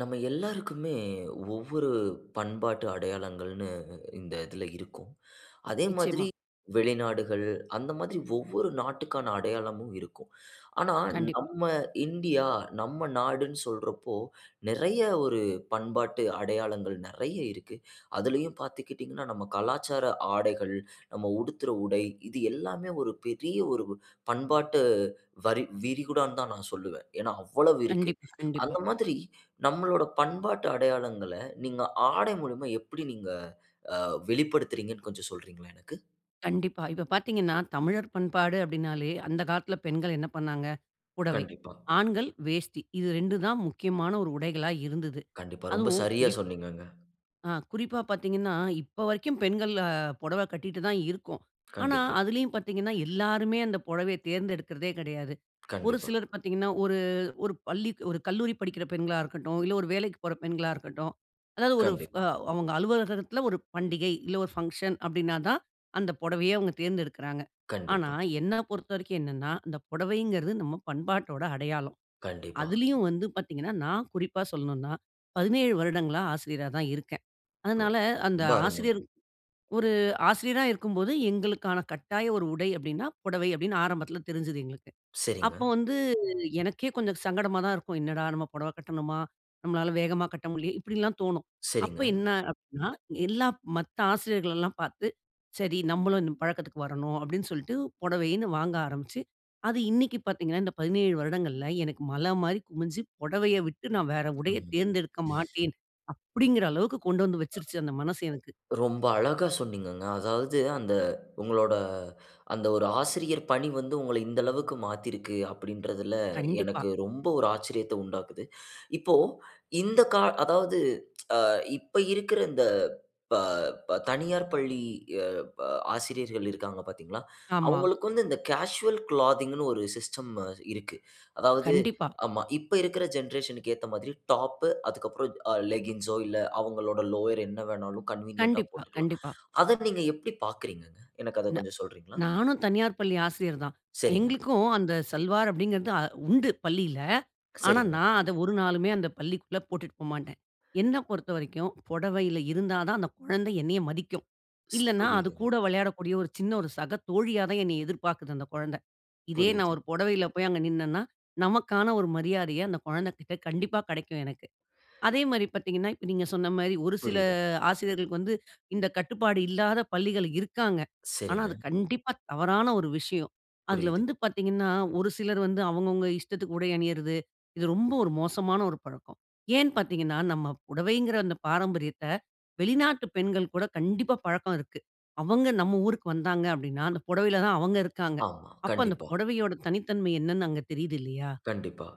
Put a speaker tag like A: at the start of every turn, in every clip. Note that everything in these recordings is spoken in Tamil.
A: நம்ம எல்லாருக்குமே ஒவ்வொரு பண்பாட்டு அடையாளங்கள்ன்னு இந்த இதுல இருக்கும். அதே மாதிரி
B: நிச்சயமா.
A: வெளிநாடுகள், அந்த மாதிரி ஒவ்வொரு நாட்டுக்கான அடையாளமும் இருக்கும். ஆனா,
B: கண்டிப்
A: நம்ம இந்தியா, நம்ம நாடுன்னு சொல்றப்போ நெறைய ஒரு பண்பாட்டு அடையாளங்கள் நெறைய இருக்கு. அதுலேயும் பாத்துக்கிட்டீங்கன்னா நம்ம கலாச்சார ஆடைகள், நம்ம உடுத்துற உடை, இது எல்லாமே ஒரு பெரிய ஒரு பண்பாட்டு வரி விரிகுடான்னு தான் நான் சொல்லுவன். ஏன்னா, அவ்வளவு இருக்கு.
B: கண்டிப்பா, கண்டிப்பா.
A: அந்த மாதிரி நம்மளோட பண்பாட்டு அடையாளங்கள நீங்க ஆடை மூலமா எப்படி நீங்க அ வெளிப்படுத்துறீங்கன்னு கொஞ்சம் சொல்றீங்களா எனக்கு?
B: கண்டிப்பா. இப்ப பாத்தீங்கன்னா தமிழர் பண்பாடு அப்படீன்னாலே, அந்த காலத்துல பெண்கள் என்ன பண்ணாங்க? புடவை,
A: கண்டிப்பா.
B: ஆண்கள் வேஷ்டி. இது 2 தான் முக்கியமான ஒரு உடைகளா இருந்துது.
A: கண்டிப்பா. ரொம்ப
B: அதுவும்
A: சரியா
B: குறிப்
A: சொன்னீங்கங்க.
B: ஆ குறிப்பா பாத்தீங்கன்னா, இப்ப வரைக்கும் பெண்கள் அ பொடவை கட்டிட்டு தான் இருக்கோம். ஆனா
A: கண்டிப்பா.
B: அதுலயும் பாத்தீங்கன்னா, எல்லாருமே அந்த பொடவைய தேர்ந்தெடுக்கறதே கெடையாது. ஒரு
A: கண்டிப்பா.
B: சிலர் பாத்தீங்கன்னா, ஒரு ஒரு பள்ளி ஒரு கல்லூரி படிக்கிற பெண்களா இருக்கட்டும், இல்ல ஒரு வேலைக்குப் போற பெண்களா இருக்கட்டும், அதாவது ஒரு ஃப
A: கண்டிப்பா.
B: அவங்க அலுவலகத்துல ஒரு பண்டிகை, இல்ல ஒரு ஃபங்ஷன் அப்படீன்னா தான், அந்த பொடவைய அவங்க தேர்ந்தெடுக்கறாங்க. ஆனா,
A: கண்டிப்பா.
B: என்ன பொறுத்த வரைக்கும் என்னன்னா, அந்த பொடவைங்கறது நம்ம பண்பாட்டோட அடையாளம்.
A: கண்டிப்பா.
B: அதுலயும் வந்து பாத்தீங்கன்னா, நான் குறிப்பா சொல்லணும்ன்னா, 17 வருடங்களா ஆசிரியரா தான் இருக்கேன்.
A: இப்போ
B: அதனால, அந்த
A: ரொம்ப அருமங்க.
B: ஆசிரியர் "ஒரு ஆசிரியரா இருக்கும்போது, எங்களுக்கான கட்டாய ஒரு உடை" அப்படீன்னா 'புடவை' அப்படீன்னு ஆரம்பத்துல தெரிஞ்சுது எங்களுக்கு.
A: சரிங்க.
B: அப்போ வந்து எனக்கே கொஞ்சம் சங்கடமா தான் இருக்கும். "என்னடா நம்ம பொடவ கட்டணுமா? நம்மளால வேகமா கட்ட முடிலையே!" இப்படியெல்லாம் தோணும். அப்ப
A: சரிங்க.
B: என்ன அப்படீன்னா, எல்லா மத்த ஆசிரியர்களல்லாம் பார்த்து, "சரி. நம்மளும் இந்த பழக்கத்துக்கு வரணும்." அப்படீன்னு சொல்ட்டு புடவைன்னு வாங்க ஆரம்பிச்சு, அது இன்னைக்கு பாத்தீங்கன்னா, இந்த 17 வருடங்கள்ல எனக்கு மலை மாரி குமிஞ்சு, "புடவைய விட்டு நா வேற உடைய
A: ம்ஹ்ம்.
B: தேர்ந்தெடுக்க மாட்டேன்."
A: அ.
B: அப்படீங்கிற அளவுக்கு கொண்டு வந்து வச்சுரிச்சு அந்த மனசு எனக்கு.
A: ரொம்ப அழகா சொன்னீங்கங்க. அதாவது, "அந்த உங்களோட அந்த ஒரு ஆசிரியர் பணி வந்து உங்கள இந்த அளவுக்கு மாத்திருக்கு."அப்படீன்றதுல
B: கண்டிப்பா.
A: எனக்கு ரொம்ப ஒரு ஆச்சரியத்த உண்டாக்குது. இப்போ, இந்த கா அதாவது ஆ இப்போ இருக்குற இந்த ப ப தனியார் பள்ளி அ ப ஆசிரியர்கள் இருக்காங்க பாத்தீங்களா?
B: ஆமா.
A: அவுங்களுக்கு வந்து, இந்த கேசுவல் கிளாத்திங்ன்னு ஒரு சிஸ்டம் அ இருக்கு. அதாவது
B: கண்டிப்பா.
A: ஆமா. இப்ப இருக்குற ஜெனரேஷனுக்கு ஏத்த மாரி, டாப்பு அதுக்கப்பறம் அ லெக்கிங்சோ, இல்ல அவங்களோட லோயர் என்ன வேணாலும் கன்வீனியன்ட்‌டா
B: கண்டிப்பா,
A: போட்டுக்கலாம்.
B: கண்டிப்பா.
A: அத நீங்க எப்படி பாக்குறீங்கங்க? எனக்கு அத
B: ந
A: கொஞ்சம் சொல்றீங்களா?
B: நானும் தனியார் பள்ளி ஆசிரியர் தான்.
A: சரிங்க.
B: எங்களுக்கும் அந்த 'சல்வார்' அப்படீங்கிறது அ உண்டு பள்ளியில. ஆனா,
A: சரிங்க.
B: நான் அத ஒரு நாளுமே அந்த பள்ளிக்குள்ள போட்டுட்டு போ மாட்டேன். என்ன பொறுத்த வரைக்கும் புடவையில இருந்தா தான், அந்த குழந்தை என்னைய மதிக்கும்.
A: ஸ்
B: இல்லன்னா, அது
A: புரியுதுங்க.
B: கூட விளையாடக்கூடிய ஒரு சின்ன ஒரு சக தோழியா தான் என்னைய எதிர்பாக்குது அந்த கொழந்தை. இதே நான்
A: புரியுது.
B: ஒரு பொடவையில போய் அங்க நின்னன்னா, நமக்கான ஒரு மரியாதைய அந்த குழந்தைகிட்ட கண்டிப்பா கெடைக்கும் எனக்கு. அதே மாரி பாத்தீங்கன்னா, இப்ப நீங்க சொன்ன மாரி ஒரு சில
A: புரியுதுங்க.
B: ஆசிரியர்களுக்கு வந்து இந்த கட்டுப்பாடு இல்லாத பள்ளிகள் இருக்காங்க. ஆனா,
A: சரிங்க.
B: அது கண்டிப்பா தவறான ஒரு விஷயம். அதுல
A: புரியுதுங்க.
B: வந்து பாத்தீங்கன்னா, ஒரு சிலர் வந்து அவுங்க அவுங்க இஷ்டத்துக்கு உடை அணியறது, இது ரொம்ப ஒரு மோசமான ஒரு பழக்கம். ஏன் பாத்தீங்கன்னா, நம்ம புடவைங்கிற அந்த பாரம்பரியத்த வெளிநாட்டு பெண்கள் கூட கண்டிப்பா பழக்கம் இருக்கு. அவங்க நம்ம ஊருக்கு வந்தாங்க அப்படீன்னா, அந்த புடவையில தான் அவங்க இருக்காங்க.
A: ஆமா.
B: அப்ப அந்த
A: கண்டிப்பா.
B: புடவையோட தனித்தன்மை என்னன்னு அங்க தெரியிது இல்லையா?
A: கண்டிப்பா.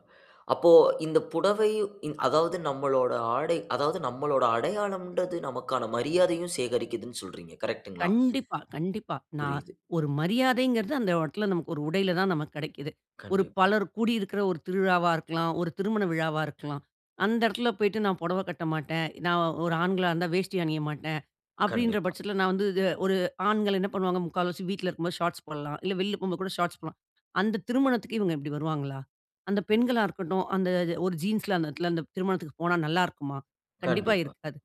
A: அப்போ இந்த புடவையும் இ அதாவது நம்மளோட ஆடை அதாவது நம்மளோட அடையாளம்ன்றது, நமக்கான மரியாதையும் சேகரிக்குதுன்னு சொல்றீங்க. கரெக்ட்டுங்களா?
B: கண்டிப்பா, கண்டிப்பா. நான்
A: புரியுது.
B: ஒரு மரியாதைங்கிறது அந்த இடத்துல நமக்கு ஒரு உடையில தான் நமக்கு கெடைக்குது. ஒரு
A: கண்டிப்பா.
B: பலர் கூடியிருக்கிற ஒரு திருவிழாவா இருக்கலாம், ஒரு திருமண விழாவா இருக்கலாம், அந்த இடத்துல போய்ட்டு, "நான் பொடவ கட்ட மாட்டேன்", நான் ஒரு ஆண்களா இருந்தா, "வேஷ்டி அணிய மாட்டேன்" அப்படீன்ற
A: கண்டிப்பா.
B: பட்சத்துல நான் வந்து இது ஒரு ஆண்கள் என்ன பண்ணுவாங்க? முக்கால்வாசி வீட்ல இருக்கும்போது ஷார்ட்ஸ் போடலாம். இல்ல வெளியில போகும்போது கூட ஷார்ட்ஸ் போடலாம். அந்த திருமணத்துக்கு இவங்க இப்படி வருவாங்களா? அந்த பெண்களா இருக்கட்டும், அந்த இது ஒரு ஜீன்ஸ்ல அந்த இடத்துல அந்த திருமணத்துக்கு போனா நல்லாருக்குமா? கண்டிப்பா
A: கண்டிப்பா.
B: இருக்காது.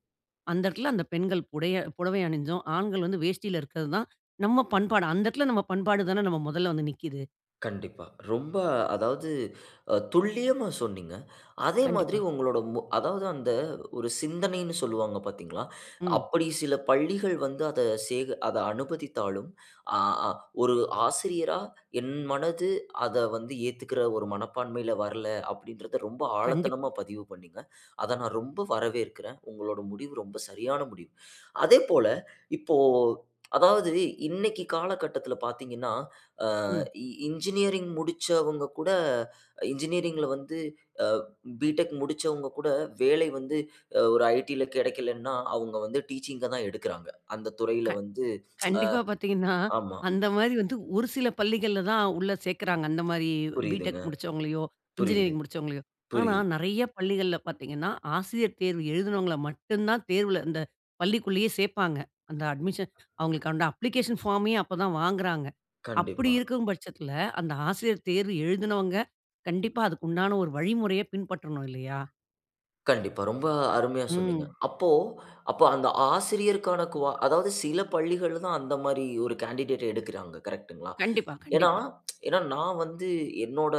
B: அந்த இடத்துல அந்த பெண்கள் புடய புடவை அணிஞ்சும், ஆண்கள் வந்து வேஷ்டியில இருக்கது தான் நம்ம பண்பாடு. அந்த இடத்துல நம்ம பண்பாடு தான நம்ம மொதல்ல வந்து நிக்குது.
A: கண்டிப்பா. ரொம்ப அதாவது அ துல்லியமா சொன்னீங்க. அதே மாதிரி
B: கண்டிப்பா.
A: உங்களோட, மோ அதாவது அந்த ஒரு சிந்தனைனு சொல்லுவாங்க, பாத்தீங்களா?
B: ம்.
A: அப்படி சில பள்ளிகள் வந்து அத சேக அத அனுமதித்தாலும், அ அ ஒரு ஆசிரியரா என் மனது அத வந்து ஏத்துக்கிற ஒரு மனப்பான்மைல வரல, அப்டின்றத ரொம்ப
B: கண்டிப்பா.
A: ஆழத்தனமா பதிவு பண்ணீங்க. அத நான் ரொம்ப வரவேற்கிறேன். உங்களோட முடிவு ரொம்ப சரியான முடிவு. அதேபோல இப்போ, அதாவது இன்னைக்கி காலகட்டத்தில பாத்தீங்கன்னா, அ
B: ம்.
A: இ இன்ஜினியரிங் முடிச்சவங்க கூட, இன்ஜினியரிங்‌ல வந்து அ பிடெக் முடிச்சவங்ககூட, வேலை வந்து ஒரு ஐடில கெடைக்கலன்னா, அவுங்க வந்து டீச்சிங்‌க தான் எடுக்கிறாங்க. அந்த துறையில
B: க
A: வந்து ஆ
B: கண்டிப்பா. பாத்தீங்கன்னா,
A: ஆமா.
B: அந்த மாரி வந்து, ஒரு சில பள்ளிகள்ல தான் உள்ள சேக்கிறாங்க. அந்த மாரி
A: புரியுதுங்க.
B: பிடெக் முடிச்சவங்களயோ,
A: புரியுது,
B: இன்ஜினியரிங் முடிச்சவங்களயோ. ஆனா
A: புரியுது.
B: நெறைய பள்ளிகள்ல பாத்தீங்கன்னா, ஆசிரியர் தேர்வு எழுதினவங்கள மட்டும் தான் தேர்வுல இந்த பள்ளிக்குள்ளயே சேர்ப்பாங்க. அந்த அட்மிஷன் அவங்களுக்கு அந்த அப்ளிகேஷன் ஃபார்மே அப்ப தான் வாங்குறாங்க. அப்டி
A: கண்டிப்பா.
B: இருக்கும் பட்சத்தில அந்த ஆசிரியர் தேர்வு எழுதினவங்க, கண்டிப்பா அதுக்கு உண்டான ஒரு வழிமுறைய பின்பற்றணும், இல்லயா?
A: கண்டிப்பா. ரொம்ப அருமையா சொன்னீங்க.
B: ம்.
A: அப்போ-அப்போ அந்த ஆசிரியருக்கான குவா அதாவது சில பள்ளிகள்ல தான் அந்த மாரி ஒரு கேண்டிடேட்‌ட எடுக்கிறாங்க. கரெக்ட்ங்ளா?
B: கண்டிப்பா,
A: ஏன்னா
B: கண்டிப்பா.
A: ஏன்னா நான் வந்து என்னோட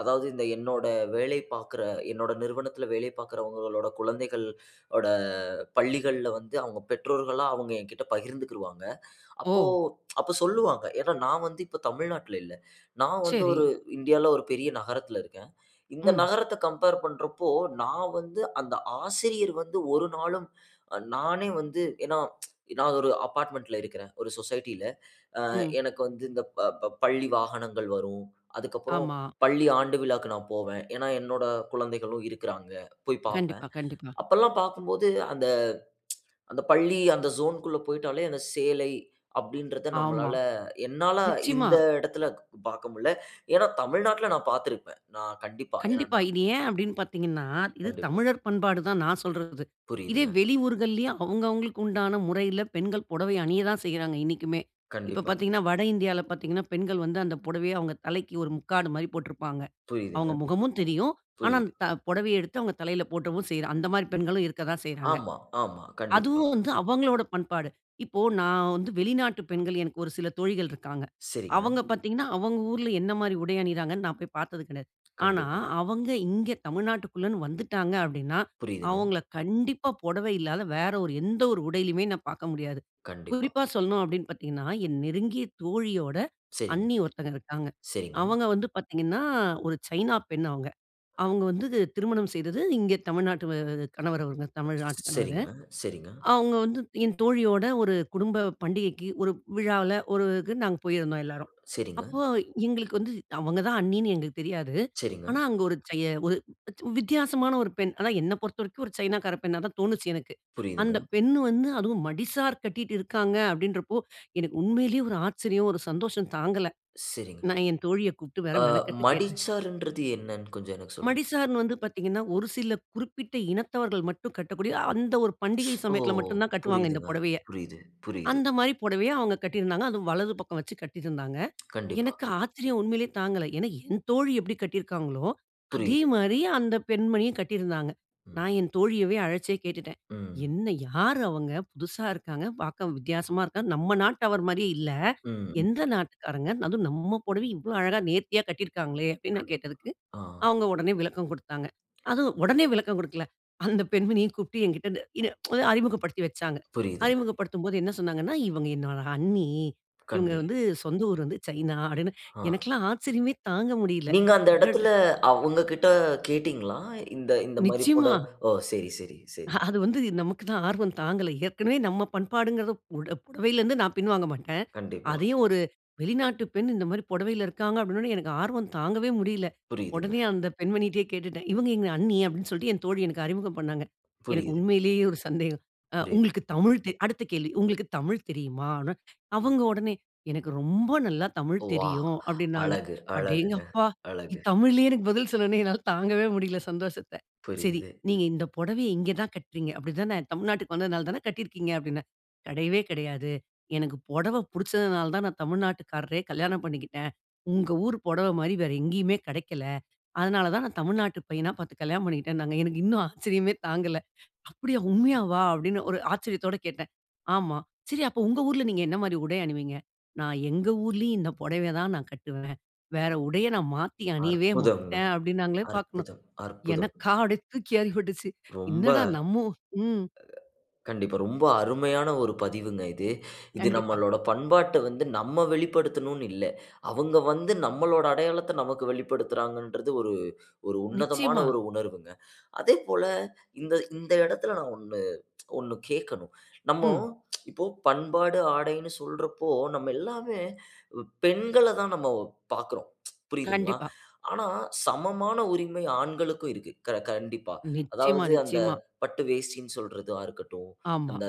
A: அதாவது, என்னோட வேலை பாக்குற, என்னோட நிறுவனத்துல வேலை பாக்குறவங்களோட குழந்தைகள் ஓட பள்ளிகள்ல வந்து, அவுங்க பெற்றோர்கள்லாம், அவங்க எங்கிட்ட பகிர்ந்துகிருவாங்க. அப்போ
B: ஓ!
A: அப்ப சொல்லுவாங்க. ஏன்னா, நான் வந்து இப்ப தமிழ்நாட்ல இல்ல. நான் வந்து
B: சரி.
A: ஒரு, இந்தியால, ஒரு பெரிய நகரத்தில இருக்கேன். இந்த
B: ம்.
A: நகரத்த கம்பேர் பண்றப்போ, நான் வந்து அந்த ஆசிரியர் வந்து ஒரு நாளும், அ நானே வந்து ஏன்னா நான் ஒரு அபார்ட்மென்ட்‌ல இருக்குறேன், ஒரு சொசைட்டில. ஆ
B: ம்.
A: எனக்கு வந்து இந்த ப ப பள்ளி வாகனங்கள் வரும். அதற்கப்புறம்,
B: ஆமா.
A: பள்ளி ஆண்டு விழாக்கு நான் போவேன். ஏன்னா, என்னோட குழந்தைகளும் இருக்கிறாங்க. போய் பாப்பேன்.
B: கண்டிப்பா, கண்டிப்பா.
A: அப்பல்லாம் பாக்கும்போது, அந்த அந்த பள்ளி, அந்த ஜோன்‌க்குள்ள போய்ட்டாலே அந்த சேலை அப்டின்றத
B: ஆமா.
A: நம்மளால என்னால
B: நிச்சயமா.
A: இந்த இடத்தில பாக்க முடில. ஏன்னா தமிழ்நாட்ல நான் பார்த்திருப்பேன். நான் கண்டிப்பா. ஏன்னா
B: கண்டிப்பா.
A: நான்
B: இது ஏன் அப்டின்னு பார்த்தீங்கன்னா, இது
A: கண்டிப்பா.
B: தமிழர் பண்பாடு தான் நான் சொல்றது. இதே
A: புரியுதுங்க.
B: வெளியூர்கள்லையும் அவுங்கவுங்களுக்கு உண்டான முறையில பெண்கள் புடவை அணிய தான் செய்றாங்க, இன்னைக்குமே. இப்ப
A: கண்டிப்பா.
B: பார்த்தீங்கன்னா, வட இந்தியால பார்த்தீங்கன்னா, பெண்கள் வந்து, அந்த புடவைய அவங்க தலைக்கு ஒரு முக்காடு மாரி போட்ருப்பாங்க.
A: புரியுதுங்க.
B: அவுங்க முகமும் தெரியும். ஆனா அந்த
A: புரியுது.
B: த புடவைய எடுத்து அவுங்க தலைல போட்டவும் செய்றா. அந்த மாரி பெண்களும் இருக்க தான் செய்றாங்க.
A: ஆமா, ஆமா. கண்டிப்பா.
B: அதுவும் வந்து அவங்களோட பண்பாடு. இப்போ நான் வந்து வெளிநாட்டு பெண்கள், எனக்கு ஒரு சில தோழிகள் இருக்காங்க.
A: சரிங்க.
B: அவங்க பார்த்ததீங்கன்னா, அவங்க ஊர்ல என்ன மாரி உடை அணிகிறாங்கன்னு நான் போய் பார்த்தது கெடையாது. ஆனா,
A: கண்டிப்பா.
B: அவங்க இங்கே, தமிழ்நாட்டுக்குள்ளேன்னு வந்துட்டாங்க, அப்டின்னா,
A: புரியுதுங்க.
B: அவங்கள கண்டிப்பா, புடவை இல்லாத வேற ஒரு எந்த ஒரு உடையிலயுமே நான் பார்க்க முடியாது.
A: கண்டிப்பா.
B: குறிப்பா சொல்லணும், அப்படின்னு பார்த்தீங்கன்னா, என் நெருங்கிய தோழியோட
A: சரிங்க.
B: அண்ணி ஒருத்தங்க இருக்காங்க.
A: சரிங்க.
B: அவங்க வந்து பார்த்திங்கன்னா, ஒரு சைனா பெண் அவங்க. அவுங்க வந்து திருமணம் செய்தது இங்கே தமிழ்நாட்டு [unintelligible] கணவர், அவுங்க
A: ஸ்
B: தமிழ்நாட்டு கணவரு.
A: சரிங்க, சரிங்க.
B: அவுங்க வந்து, என் தோழியோட ஒரு குடும்ப பண்டிகைக்கு, ஒரு விழாவுல ஒரு க்கு நாங்க போயிருந்தோம், எல்லோரும்.
A: சரிங்க.
B: அப்போ எங்களுக்கு வந்து அவங்க தான் அண்ணின்னு எங்களுக்கு தெரியாது.
A: சரிங்க.
B: ஆனா அங்க ஒரு [unintelligible] ஒரு வித்தியாசமா ஒரு பெண். ஆனா என்ன பொறுத்த வரைக்கும், ஒரு சைனாக்கார பெண்ணாதான் தோணுச்சு, எனக்கு.
A: புரியுதுங்க.
B: அந்த பெண்ணு வந்து அதுவும், மடிசார் கட்டிட்டு இருக்காங்க, அப்படின்றப்போ, எனக்கு உண்மையிலேயே ஒரு ஆச்சரியம்! ஒரு சந்தோஷம் தாங்கல.
A: சரிங்க.
B: நான் என் தோழிய கூப்டு வேற
A: ஆ
B: மெனக்கட்டு கேட்டேன்.
A: மடிசார்ன்றது என்னன்னு கொஞ்சம் எனக்கு சொல்றீங்
B: மடிசார்ன்னு வந்து பார்த்தீங்கன்னா, ஒரு சில குறிப்பிட்ட இனத்தவர்கள் மட்டும் கட்டக்கூடிய, அந்த ஒரு
A: ஸ்
B: பண்டிகை
A: ஓ!
B: சமயத்துல மட்டும் தான் கட்டுவாங்க, இந்த
A: புரியுதுங்க.
B: புடவைய.
A: புரியுது, புரியுது.
B: அந்த மாரி புடவைய அவுங்க கட்டிருந்தாங்க. அதுவும் வலது பக்கம் வைச்சு கட்டிருந்தாங்க.
A: கண்டிப்பா.
B: எனக்கு ஆச்சரியம், உண்மைலயே தாங்கல. ஏன்னா, என் தோழி எப்டி கட்டிருக்காங்களோ, அதே
A: புரியுது.
B: மாரி, அந்த பெண்மணியும் கட்டிருந்தாங்க.
A: ம்.
B: நான் என் தோழியவே அழைச்சே கேட்டுட்டேன்.
A: ம்.
B: "என்ன? யார் அவுங்க? புதிசா இருக்காங்க. பார்க்கவும் வித்தியாசமா இருக்காங்க. நம் நாட்டவர் மாரியே இல்ல.
A: ம்.
B: எந்த நாட்டுக்காரங்க? அதுவும் நம் புடவய இவ்ளோ அழகா நேர்த்தியா கட்டியிருக்காங்ளே" அப்டின்னு நான் கேட்டதுக்கு,
A: கண்டிப்பா, ஆஹ்.
B: அவுங்க உடனே விளக்கம் குடுத்தாங்க. அதுவும் உடனே விளக்கம் குடுக்கல. அந்த பெண்மணியையும் கூப்பிட்டு என்கிட்ட என்ன ஒ அறிமுகப்படுத்தி வச்சாங்க.
A: புரியுதுங்க.
B: அறிமுகப்படுத்தும் போது என்ன சொன்னாங்கன்னா, "இவங்க என்னோட அண்ணி. இவங்க
A: கண்டு.
B: வந்து, சொந்த ஊர் வந்து சைனா" அப்டின்னு.
A: ஆஹ்.
B: எனக்கெல்லாம் ஆச்சரியமே, தாங்க முடியல.
A: நீங்க அந்த
B: அடட
A: எடத்துல அவுங்ககிட்ட கேட்டீங்ளா? இந்த இந்த மாரி பொட
B: நிச்சயமா.
A: ஓ! சரி, சரி, சரி.
B: அ அது வந்து நமக்கு தான் ஆர்வம் தாங்கல. ஏற்கனவே நம் பண்பாடுங்றத புட புடவைலருந்து நான் பின்வாங்க மாட்டேன்.
A: கண்டிப்பா.
B: அதையும் ஒரு வெளிநாட்டு பெண், இந்த மாரி புடவைல இருக்காங்க, அப்டின உடனே, எனக்கு ஆர்வம் தாங்கவே முடியல.
A: புரியுதுங்க.
B: உடனே அந்த பெண்மணிட்டயே கேட்டுட்டேன். "இவங்க எங்க அண்ணி." அப்டின்னு சொல்ட்டு என் தோழி எனக்கு அறிமுகம் பண்ணாங்க. எனக்கு
A: புரியுது.
B: உண்மைலயே ஒரு சந்தேகம். ஆ
A: புரியிது.
B: உங்களுக்கு தமிழ் தெரி அடுத்த கேள்வி உங்களுக்கு தமிழ் தெரியுமான்னு. அவங்க உடனே, "எனக்கு ரொம்ப நல்லா தமிழ்
A: வா!
B: தெரியும்." அப்டின்னாங்க.
A: அழகு, அழகுங்க!
B: அடேங்கப்பா!
A: அழகு!
B: தமிழ்லயே எனக்கு பதில் சொன்னவுடனே, என்னால தாங்கவே முடியல, சந்தோஷத்த. சரி.
A: புரியுது.
B: "நீங்க இந்த புடவைய இங்க தா கட்றீங்க, அப்டி தான? தமிழ்நாட்டுக்கு வந்ததனால தான கட்டிருக்கீங்க?" அப்டின்னேன். கெடையவே கெடையாது. எனக்கு புடவ புடிச்சதனால தான், நான் தமிழ்நாட்டுக்காரரையே கல்யாணம் பண்ணிக்கிட்டேன். உங்க ஊர் புடவ மாரி வேற எங்கயுமே கெடைக்கல. அதனால தான், நான் தமிழ்நாட்டு பையனா பார்த்து கல்யாணம் பண்ணிக்கிட்டேன்னாங்க. எனக்கு இன்னும் ஆச்சரியமே தாங்கல. "அப்டியா? உண்மையாவா?" அப்டின்னு ஒரு ஆச்சரியத்தோடு கேட்டேன். ஆமா. "சரி, அப்போ உங்க ஊர்ல நீங்க என்ன மாரி உடை அணிவீங்க?" "நான் எங்க ஊரிலயும் இந்த புடவய தான் நான் கட்டுவேன். வேற உடைய நான் மாத்தி அணியவே
A: அற்புதம்ங்க!
B: மாட்டேன்." அப்டின்னாங்களே பார்க்கணும்.
A: அற்புதம்! அற்புதம்!
B: எனக்கா, அப்டி தூக்கிவாரி போட்டுச்சு.
A: ரொம்ப
B: என்னடா? நம்ம ம்.
A: கண்டிப்பா, ரொம்ப அருமையான ஒரு பதிவுங்க இது. இது
B: கண்டிப்பா.
A: நம்மளோட பண்பாட்ட வந்து நம்ம வெளிப்படுத்தணும்னு இல்ல. அவுங்க வந்து நம்மளோட அடையாளத்த, நமக்கு வெளிப்படுத்துறாங்கன்றது, ஒரு ஒரு உன்னதமான
B: நிச்சயமா!
A: ஒரு உணர்வுங்க. அதேபோல இந்த இந்த இடத்தில நான் ஒண்ணு ஒண்ணு கேக்கணும். நம்மோ
B: ம்.
A: இப்போ, பண்பாடு, ஆடைன்னு சொல்றப்போ, நம்ம எல்லாமே ப் பெண்கள தான் நம்ம பாக்குறோம். புரியுதுங்ளா?
B: கண்டிப்பா.
A: ஆனா சமமான உரிமை ஆண்களுக்கும் இருக்கு. கர க கண்டிப்பா.
B: நிச்சயமா,
A: அதாவது அந்த
B: நிச்சயமா.
A: பட்டு வேஷ்டின் சொல்றதா இருக்கட்டும்.
B: ஆமா.
A: அந்த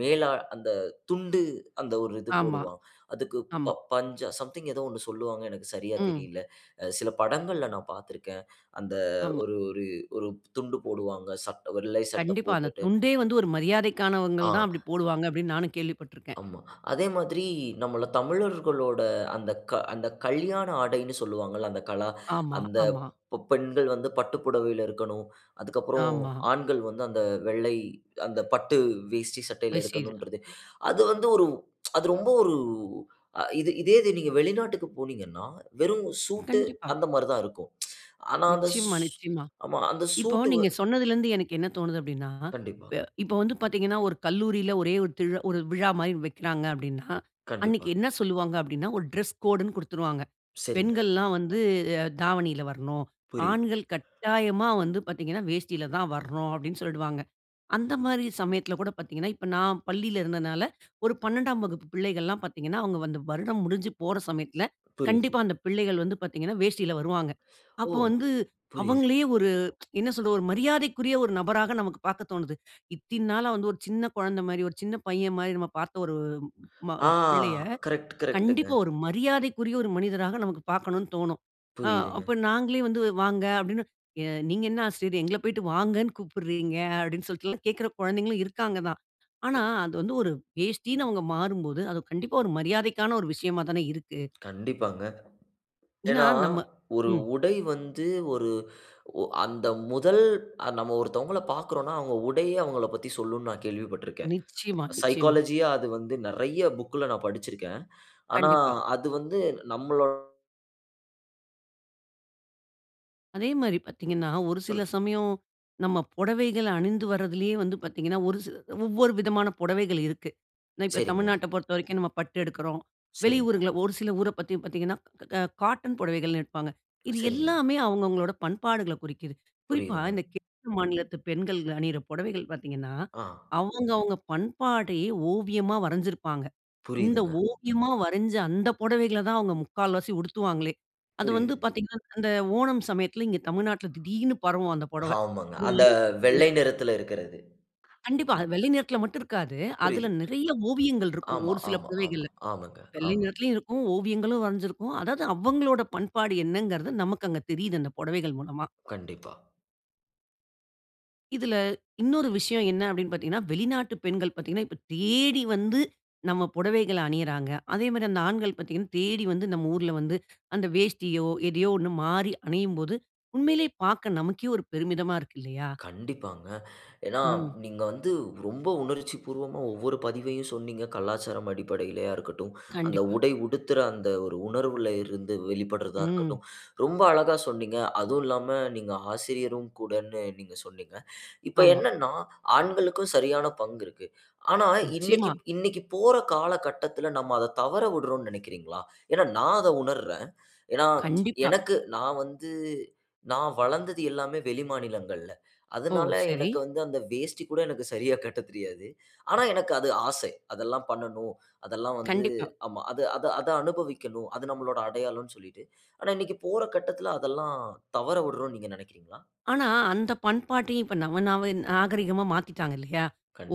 A: மேலா அந்த துண்டு அந்த ஒரு இது
B: ஆமா.
A: போடுவா அதுக்கு ப
B: ஆமா.
A: பஞ்ச சம்திங் ஏதோ ஒண்ணு சொல்லுவாங்க. எனக்கு சரியா
B: ம்.
A: தெரியல. சில படங்கள்ல நான் பார்த்திருக்கேன். அந்த
B: ஆமா.
A: ஒரு ஒரு ஒரு துண்டு போடுவாங்க, சட்ட வெள்ளை சட்ட
B: கண்டிப்பா. அந்த
A: போட்டுட்டு.
B: துண்டே வந்து, ஒரு மரியாதைக்கானவங்கள் தான்
A: ஆ.
B: அப்டி போடுவாங்க, அப்டின்னு நானும் கேள்விப்பட்ருக்கேன்.
A: ஆமா. அதே மாதிரி நம்மள தமிழர்களோட அந்தக்க அந்தக்கல்யாண ஆடைன்னு சொல்வாங்கள்ல. அந்த கலா
B: ஆமா,
A: அந்த
B: ஆமா.
A: ப பெண்கள் வந்து பட்டு புடவைல இருக்கணும். அதற்கப்புறம்
B: ஆமா.
A: ஆண்கள் வந்து அந்த வெள்ளை அந்த பட்டு வேஷ்டி சட்டைல
B: வேஷ்டி இது.
A: இருக்கணும்ன்றது. அது வந்து ஒரு, அது ரொம்ப ஒரு இது. இதேது நீங்க வெளிநாட்டுக்கு போனீங்கன்னா, வெறும் சூட்டு
B: கண்டிப்பா.
A: அந்த மாரி தான் இருக்கும். ஆனா அந்த சூ
B: நிச்சயமா, நிச்சயமா.
A: அந்த
B: இப்போ,
A: சூட்டு வ
B: நீங்க சொன்னதிலருந்து எனக்கு என்ன தோணுது அப்டின்னா,
A: கண்டிப்பா.
B: ப இப்போ, வந்து பார்த்தீங்கன்னா, ஒரு கல்லூரில ஒரே ஒரு திரு ஒரு விழா மாரி வைக்கிறாங்க, அப்டின்னா. அன்னைக்கு
A: கண்டிப்பா.
B: என்ன சொல்வாங்க? அப்டின்னா. ஒரு டிரெஸ் கோடுன்னு குடுத்துருவாங்க.
A: சரிங்க.
B: "பெண்கள்ல்லாம் வந்து அ தாவணில வரணும்.
A: புரியுது.
B: ஆண்கள் கட்டாயமா வந்து பாத்தீங்கன்னா வேஷ்டில தான் வரணும்", அப்டின்னு சொல்டுவாங்க. அந்த மாரி சமயத்துல கூட பாத்தீங்கன்னா, இப்ப நான் பள்ளியில இருந்ததுனால 12ம் வகுப்பு பிள்ளைகள்லாம் பார்த்தீங்கன்னா, அவுங்க வந்து வருடம் முடிஞ்சு போற சமயத்தில,
A: புரியுது.
B: கண்டிப்பா அந்த பிள்ளைகள் வந்து பார்த்தீங்கன்னா, வேஷ்டில வருவாங்க.
A: ஓ!
B: அப்போ வந்து
A: புரியுது.
B: அவங்களையே ஒரு, என்ன சொல்றது? ஒரு மரியாதைக்குரிய ஒரு நபராக நமக்கு பாக்க தோணுது. இத்தின் நாளா வந்து, ஒரு சின்ன கொழந்த மாரி, ஒரு சின்ன பையன் மாரி, நாம பார்த்த ஒரு ம
A: ஆ!
B: பிள்ளைய.
A: கரெக்ட், கரெக்ட்டுங்க.
B: கண்டிப்பா, ஒரு மரியாதைக்குரிய, ஒரு மனிதராக நமக்கு பார்க்கணும்னு தோணும். ஆ
A: புரியுதுங்க.
B: அப்ப நாங்களே வந்து வாங்க, அப்டினு, எ "நீங்க என்ன ஆசிரியரே! எங்கள போய்ட்டு வாங்கனு கூப்பிட்றீங்க?" அப்டின்னு சொல்ட்டுல்லாம் கேட்கிற குழந்தைங்களும் இருக்காங்கதான். ஆனா, அது வந்து ஒரு வேஷ்டின்னு அவுங்க மாறும்போது, அது கண்டிப்பா ஒரு மரியாதைக்கான ஒரு விஷயமா தானே இருக்கு.
A: கண்டிப்பாங்க.
B: ஏன்னா,
A: ஏன்னா,
B: நம்ம
A: ஒரு
B: ம்.
A: உடை வந்து, ஒரு ஒ அந்த முதல் நம்ம ஒருத்தவங்கள பாக்குறோம்னா, அவங்க உடையே அவங்கள பத்தி சொல்லும்ன்னு நான் கேள்விப்பட்டுருக்கிறேன்.
B: நிச்சயமா, நிச்சயமா.
A: சைக்காலஜியா அது வந்து நெறைய புக்‌ல நான் படிச்சிருக்கேன். ஆனா
B: கண்டிப்பா.
A: அது வந்து நம்மளோ
B: அதே மாரி பாத்தீங்கன்னா. ஒரு சில
A: சொல்லுங்.
B: சமயம் நம்ம பொடவைகள அணிந்து வருதுலயே வந்து பாத்தீங்கன்னா, ஒரு சில. ஒவ்வொரு விதமான பொடவைகள் இருக்கு. நான் இப்ப
A: சரிங்க.
B: தமிழ்நாட்ட பொறுத்த வரைக்கும் நம்ம பட்டு எடுக்கிறோம்.
A: சரி.
B: வெளியூர்கள்ல ஒரு, சில ஊர பத்தி பாத்தீங்கன்னா, அ காட்டன் புடவைகள்ன்னு எடுப்பாங்க. இது
A: சரிங்க.
B: எல்லாமே அவங்க அவங்களோடா பண்பாடுகள்ல குறிக்குது. குறிப்பா
A: புரியுதுங்க.
B: இந்த [unintelligible] மாநிலத்து பெண்கள் அணியுற பொடவைகள் பாத்தீங்கன்னா,
A: அ.
B: அவங்க அவங்க பண்பாடயே ஓவியமா வரைஞ்சிருப்பாங்க. இந்த
A: புரியுதுங்க.
B: ஓவியமா வரைஞ்ச அந்த பொடவைகள தான் அவங்க முக்கால்வாசி உடுத்துவாங்களே. அது வந்து
A: புரியுது.
B: பாத்தீங்கன்னா, அந்த ஓணம் சமயத்துல இங்க தமிழ்நாட்டில திடீர்னு பரவும் அந்த புடவை.
A: ஆமாங்க! அந்த வெள்ளை
B: [unintelligible]
A: நிறத்துல இருக்கிறது.
B: கண்டிப்பா. வெள்ளை நேரத்துல மட்டும் இருக்காது. அதுல
A: புரியுது, புரி
B: நிறைய ஓவியங்கள் இருக்கும்.
A: ஆமா,
B: ஒரு சில
A: ஆமா, ஆமா.
B: புடவைகள்ல.
A: ஆமாங்க,
B: வெள்ளை
A: ஆமா.
B: நேரத்திலும் இருக்கும். ஓவியங்களும் வரைஞ்சுருக்கும். அதாவது, அவங்களோட பண்பாடு என்னங்கறது, நமக்கு அங்க தெரியுது, அந்த பொடவைகள் மூலமா.
A: கண்டிப்பா.
B: இதுல இன்னொரு விஷயம் என்ன அப்படின்னு பாத்தீங்கன்னா, வெளிநாட்டு பெண்கள் பாத்தீங்கன்னா. இப்ப தேடி வந்து நம்ம பொடவைகள அணியிறாங்க. அதே மாதிரி அந்த ஆண்கள் பாத்தீங்கன்னா, தேடி வந்து நம் ஊருல வந்து, அந்த வேஷ்டியோ எதையோ ஒண்ணு மாறி அணியும் போது. உண்மையிலயே பார்க்க நமக்கே ஒரு பெருமிதமா இருக்கு இல்லயா?
A: கண்டிப்பாங்க. ஏன்னா,
B: ம்.
A: நீங்க வந்து ரொம்ப உணர்ச்சி பூர்வமா ஒவ்வொரு பதிவையும் சொன்னீங்க. கலாச்சாரம் அடிப்படையிலயா இருக்கட்டும். அந்த
B: கண்டிப்பா.
A: உடை உடுத்துற அந்த ஒரு உணர்வுல இருந்து வெளிப்படுறதா
B: ம்.
A: இருக்கட்டும். ரொம்ப அழகா சொன்னீங்க. அதுவும் இல்லாம நீங்க ஆசிரியரும் கூடன்னு நீங்க சொன்னீங்க. இப்ப
B: ஆமா.
A: என்னன்னா ஆண்களுக்கும் சரியான பங்கு இருக்கு. ஆனா, இன்னைக்கு
B: நிச்சயமா.
A: இன்னைக்கு போற காலகட்டத்துல நம்ம அத தவற விடுறோம்ன்னு நெனைக்கிறீங்களா? ஏன்னா நான் அத உணர்றேன். ஏன்னா,
B: கண்டிப்பா.
A: எனக்கு நான் வந்து நான் வளர்ந்தது எல்லாமே வெளிமாநிலங்கள்ல.
B: ஓ!
A: அதுனால
B: சரி.
A: எனக்கு வந்து அந்த வேஷ்டி கூட எனக்கு சரியா கட்ட தெரியாது. ஆனா, எனக்கு அது ஆசை. அதெல்லாம் பண்ணணும். அதெல்லாம் வந்து
B: கண்டிப்பா.
A: ஆமா, அது அத அத அனுபவிக்கணும். அது நம்மளோட அடையாளம் சொல்லிட்டு. ஆனா, இன்னைக்கு போற கட்டத்துல, அதெல்லாம் தவற விடுறோம்ன்னு நீங்க நெனைக்கிறீங்களா?
B: ஆனா, அந்த பண்பாட்டயும், இப்ப நவ நாவ நாகரீகமா மாத்தீட்டாங்க இல்லயா?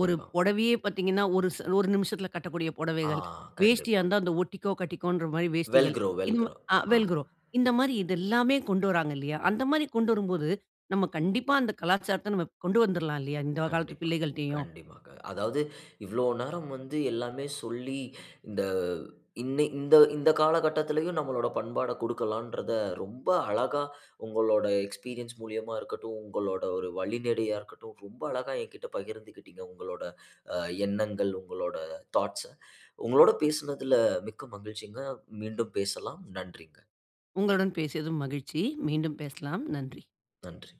B: ஒரு பொடவையே பாத்தீங்கன்னா, ஒரு ச ஒரு நிமிஷத்துல கட்டக்கூடிய
A: ஆ!
B: பொடவைகள். வேஷ்டியா
A: கண்டிப்பா.
B: இருந்தா அந்த ஒட்டிக்கோ, கட்டிக்கோன்ற மாதிரி
A: வெல்
B: வேஷ்டிகள்.
A: க்ரோ, வெல்
B: இந்த ம
A: க்ரோ.
B: அ
A: அ.
B: வெல் க்ரோ, இந்த மாதிரி இது எல்லாமே கொண்டு வராங்க இல்லையா? அந்த மாதிரி கொண்டு வரும்போது, நம்ம கண்டிப்பா அந்த கலாச்சாரத்த நம்ம கொண்டு வந்துடலாம் இல்லையா, இந்த காலத்து
A: கண்டிப்பா,
B: பிள்ளைகள்ட்டேயும்?
A: கண்டிப்பாங்க. அதாவது, இவ்ளோ நேரம் வந்து எல்லாமே சொல்லி இந்த இன்ன இந்த இந்த காலகட்டத்துலயும் நம்மளோட பண்பாட கொடுக்கலான்றத ரொம்ப அழகா உங்களோட எக்ஸ்பீரியன்ஸ் மூலியமா இருக்கட்டும், உங்களோட ஒரு வழிநடையா இருக்கட்டும். ரொம்ப அழகா எங்கிட்ட பகிர்ந்துக்கிட்டீங்க. உங்களோட அ எண்ணங்கள், உங்களோட தாட்ஸ்‌ உங்களோட பேசுனதுல மிக்க மகிழ்ச்சிங்க! மீண்டும் பேசலாம். நன்றிங்க.
B: உங்களுடன் பேசியதும் மகிழ்ச்சி! மீண்டும் பேசலாம். நன்றி.
A: நன்றி.